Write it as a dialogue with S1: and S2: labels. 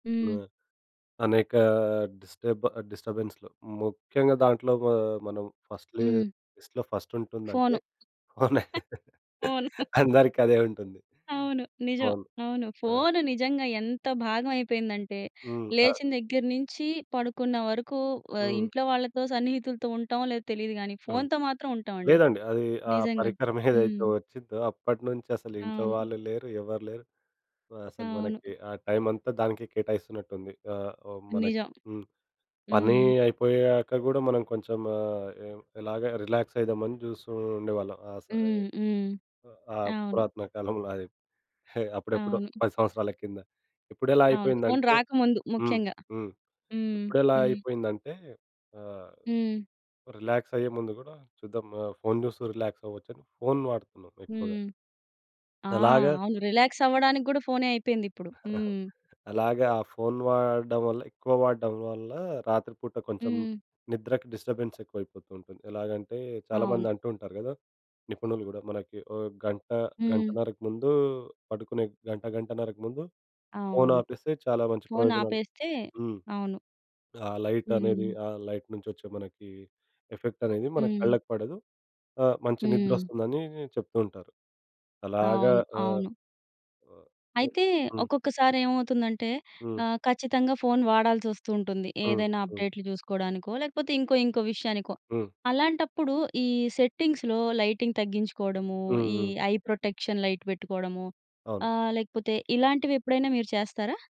S1: హ్మ్.
S2: హ్మ్. అనేక డిస్టర్బ్ డిస్టర్బెన్స్‌లు ముఖ్యంగా దాంట్లో వా మనం ఫస్ట్‌ల
S1: హ్మ్.
S2: లిస్ట్‌లో ఫస్టుంటుందంటే
S1: ఫోను.
S2: అవునా!
S1: ఫోను.
S2: అందరికి అదే ఉంటుంది.
S1: అవును నిజం.
S2: అవును.
S1: అవును.
S2: ఆ!
S1: ఫోన్ నిజంగెంత భాగమయిపోయిందంటే
S2: హ్మ్. ఆ!
S1: లేచిన దగ్గర్నుంచి పడుకున్న ఆహ్ వరకు
S2: హ్మ్.
S1: ఇంట్లో వాళ్ళతో సన్నిహితులతో ఉంటామో లేదో తెలీదు కానీ
S2: అవును.
S1: ఫోన్‌తో మాత్రం ఉంటామండి
S2: లేదండి, అది ఆ
S1: నిజంగా.
S2: పరికరమేదైతే
S1: హ్మ్.
S2: వచ్చిందో అప్పటినుంచి అసలు ఇంట్లో
S1: అవును.
S2: వాళ్ళు లేరు, ఎవర్లేరు అసలు
S1: అవును.
S2: మనకి ఆ టైమంతా దానికే కేటాయిస్తున్నటుంది. ఆహ్, హ్మ్ మనకి
S1: నిజం.
S2: హ్మ్. పని
S1: హ్మ్.
S2: అయిపోయాక కూడా మనం కొంచెం ఇలాగా ఏం రిలాక్స్ అవుదామని చూస్తుండేవాళ్ళం ఆ సరే
S1: హ్మ్. హ్మ్.
S2: ఆహ్,
S1: అవును.
S2: పురాతన కాలంలోది. అప్పుడెప్పుడో
S1: అవును.
S2: 10 సంవత్సరాల కింద ఇప్పుడెలా
S1: అవును. ఫోన్
S2: అయిపోయిందంటే
S1: రాకముందు
S2: హ్మ్.
S1: ముఖ్యంగా.
S2: హ్మ్.
S1: హ్మ్.
S2: ఇప్పుడెలా
S1: హ్మ్.
S2: అయిపోయిందంటే ఆహ్,
S1: హ్మ్.
S2: రిలాక్స్ అయ్యే ముందుకూడా చూద్దాం ఫోన్ చూస్తూ రిలాక్స్ అవ్వచ్చని ఫోన్ వాడుతున్నాం ఎక్కువగా.
S1: హ్మ్. ఆ!
S2: అలాగ...
S1: అవును రిలాక్స్ అవ్వడానికి కూడా ఫోన్ అయిపోయిందిప్పుడు. హ్మ్.
S2: అలాగా. ఆ ఫోన్ వాడడం వల్ల, ఎక్కువ వాడడం వల్ల రాత్రి పూట కొంచెం
S1: హ్మ్.
S2: నిద్రకు డిస్టర్బెన్స్ ఎక్కువైపోతుంటుంది. ఎలాగంటే
S1: అవును.
S2: చాలామందంటూ ఉంటారు కదా, నిపుణులు కూడా మనకి ఓ గంట,
S1: హ్మ్.
S2: గంటన్నరకు ముందు పడుకునే గంట, గంటన్నరకు ముందు ఫోన్
S1: అవును.
S2: ఆపేస్తే చాలా మంచి
S1: ఫోన్
S2: ప్రయోజనాలు.
S1: ఆపేస్తే.
S2: హ్మ్.
S1: అవును.
S2: ఆ లైటనేది,
S1: హ్మ్.
S2: ఆ లైట్ నుంచి వచ్చే మనకి ఎఫెక్టనేది మన
S1: హ్మ్.
S2: కళ్ళకి పడదు. ఆహ్, మంచి నిద్ర
S1: హ్మ్.
S2: వస్తుందని చెప్తుంటారు. అలాగా
S1: అవును.
S2: ఆహ్,
S1: అవును.
S2: ఆ! ఉ
S1: అయితే,
S2: హ్మ్.
S1: ఒక్కొక్కసారి ఏమవుతుందంటే
S2: హ్మ్.
S1: ఆహ్ ఖచ్చితంగా ఫోన్ వాడాల్సి వస్తుంటుంది.
S2: హ్మ్.
S1: ఏదైనా
S2: హ్మ్.
S1: అప్‌డేట్లు చూసుకోవడానికో లేకపోతే ఇంకో ఇంకో విషయానికో.
S2: హ్మ్.
S1: అలాంటప్పుడు ఈ సెట్టింగ్స్‌లో లైటింగ్ తగ్గించుకోవడము, ఈ
S2: హుహు.
S1: ఐ ప్రొటెక్షన్ లైట్ పెట్టుకోవడము,
S2: అవును.
S1: ఆహ్ లేకపోతే ఇలాంటివి ఎప్పుడైనా మీరు చేస్తారా?